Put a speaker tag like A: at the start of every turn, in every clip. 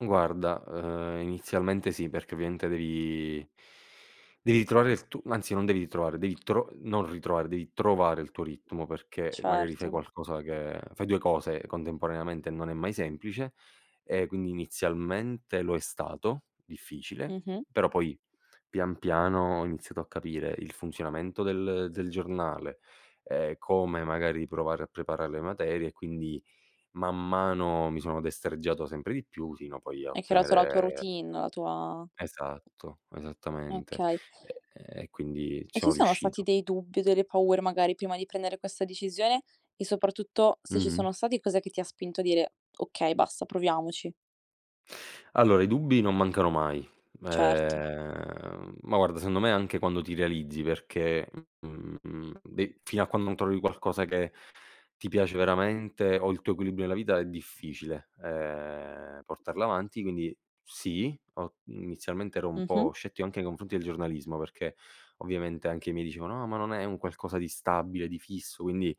A: Guarda, ehm, inizialmente sì perché ovviamente devi devi ritrovare il tu anzi non devi ritrovare, devi tro non ritrovare, devi trovare il tuo ritmo perché magari fai
B: Certo.
A: qualcosa che fai 2 cose contemporaneamente non è mai semplice e quindi inizialmente lo è stato, difficile,
B: Mh-mh.
A: però poi pian piano ho iniziato a capire il funzionamento del del giornale, ehm, come magari provare a preparar le materie e quindi man mano mi sono destreggiato sempre di più fino poi a
B: Hai creato la tua
A: ottenere
B: routine, la tua
A: Esatto. Esattamente.
B: Okay.
A: E ehm, e quindi, ci
B: E ci
A: sono
B: sono stati
A: riuscito.
B: dei dubbi o delle paure magari, prima di prendere questa decisione, e soprattutto se ci
A: Mh-mh.
B: sono stati, cos'è che ti ha spinto a dire: "Okay, basta, proviamoci"?
A: Allora i dubbi non mancano mai.
B: Certo.
A: Ehm, ma guarda secondo me anche quando ti realizzi perché, mhmm, de fino a quando non trovi qualcosa che ti piace veramente o il tuo equilibrio nella vita è difficile, ehm, portarla avanti. Quindi sì, ho inizialmente ero un
B: Mh-mh.
A: po' scettico anche nei confronti del giornalismo perché ovviamente anche i miei dicevano: "Ah ma non è un qualcosa di stabile, di fisso, quindi,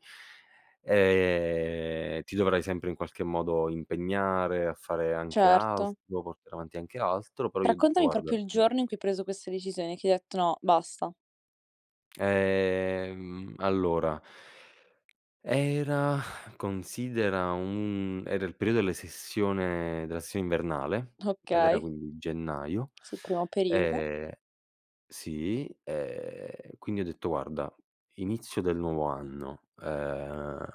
A: ehm, ti dovrai sempre in qualche modo impegnare a fare anche
B: Certo.
A: altro, portare avanti anche altro". Però gli ho detto:
B: Raccontami
A: "Guarda,
B: proprio il
A: mh
B: giorno in cui hai preso questa decisione, che hai detto: "No, basta".
A: Ehm, allora era considera un era il perio delle sessione della sessione invernale ed era
B: Okay.
A: quindi gennaio.
B: Sì, primo periodo.
A: Ehm, sì, ehm, quindi ho detto: "Guarda, inizio del nuovo anno, ehm,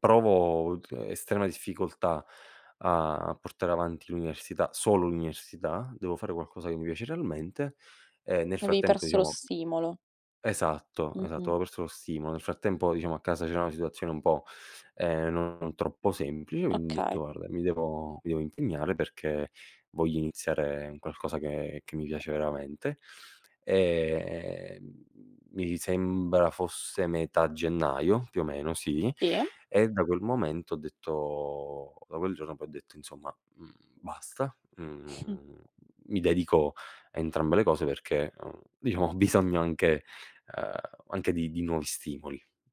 A: provo tr estrema difficoltà a portare avanti l'università, solo l'università, devo fare qualcosa che mi piace realmente". Ehm, nel
B: Avevi
A: frattempo
B: perso lo
A: diciamo
B: stimolo.
A: Esatto, esatto,
B: Mh-mh.
A: avevo perso lo stimolo. Nel frattempo diciamo a casa c'era una situazione un po', ehm, non troppo semplice quindi ho detto:
B: Okay.
A: "Guarda mi devo mi devo impegnare perché voglio iniziare un qualcosa che che mi piace veramente". E, ehm, mi sembra fosse metà gennaio, più o meno sì,
B: Sì.
A: e da quel momento ho detto da quel giorno poi ho detto insomma: "Mhmm, basta, mhmm, mi dedico a entrambe le cose perché, uhm, diciamo ho bisogno anche uhm, anche di di nuovi stimoli".